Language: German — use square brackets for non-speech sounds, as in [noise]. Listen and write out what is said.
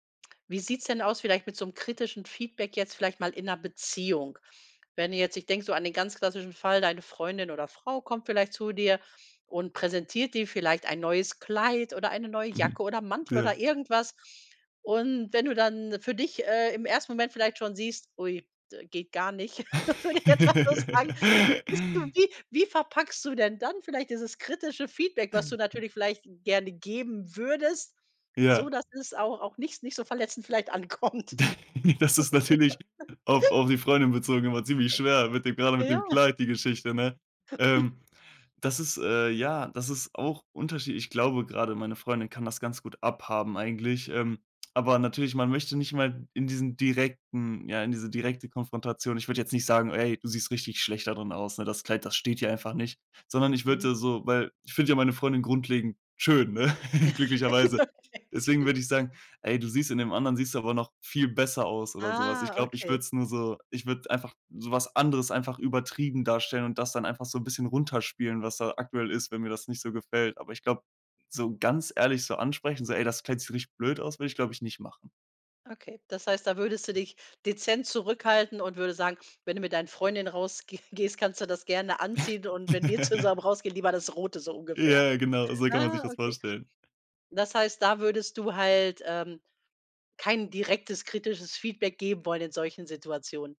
Wie sieht's denn aus vielleicht mit so 'nem kritischen Feedback jetzt vielleicht mal in 'ner Beziehung? Wenn du jetzt ich denke so an den ganz klassischen Fall, deine Freundin oder Frau kommt vielleicht zu dir und präsentiert dir vielleicht ein neues Kleid oder eine neue [chuckles] Jacke oder 'n Mantel Ja. oder irgendwas. Und wenn du dann für dich, äh, im 1. Moment vielleicht schon siehst: „Ui, d geht gar nicht,“ [chuckles] würde ich jetzt mal so sagen, [chuckles] bist du wie wie verpackst du denn dann vielleicht dieses kritische Feedback, was du [chuckles] natürlich vielleicht gerne geben würdest, so Ja. dass es auch auch nicht s nicht so verletzend vielleicht ankommt. [chuckles] D Das ist natürlich auf [chuckles] auf die Freundin bezogen immer ziemlich schwer mit dem gerade mit dem Ja. Kleid, die Geschichte, ne? [chuckles] Ähm, das ist, äh ja, das ist auch unterschie ich glaube gerade, meine Freundin kann das ganz gut abhaben eigentlich, ähm, aber natürlich, man möchte nicht mal in diesen direkten ja, in diese direkte Konfrontation. Ich würde jetzt nicht sagen: „Ey, du siehst richtig schlecht da drin aus, ne? Das Kleid, das steht hier einfach nicht.“ Sondern ich Mhm. würde so weil ich finde ja meine Freundin grundlegend schön, ne, [chuckles] glücklicherweise. [chuckles] Okay. Deswegen [chuckles] würde ich sagen: „Ey, du siehst in dem anderen, siehst du aber noch viel besser aus“, oder so was. Ich Ah, glaube, ich okay. würde es nur so ich würde es einfach so was anderes einfach übertrieben darstellen und das dann einfach so 'n bisschen runterspielen, was da aktuell ist, wenn mir das nicht so gefällt. Aber ich glaube, so ganz ehrlich so ansprechen, so: „Ey, das Kleid sich richtig blöd aus“, würde ich, glaube ich, nicht machen. Okay, das heißt, da würdest du dich dezent zurückhalten und würdest sagen: „Wenn du mit deinen Freundinnen rausgeh gehst, kannst du das gerne anziehen und wenn wir zusammen [chuckles] rausgehen lieber das Rote“, so Ja, ungefähr. ja genau. So kann man sich Ah, das okay. vorstellen. Das heißt, da würdest du halt, ähm, kein direktes kritisches Feedback geben wollen in solchen Situationen.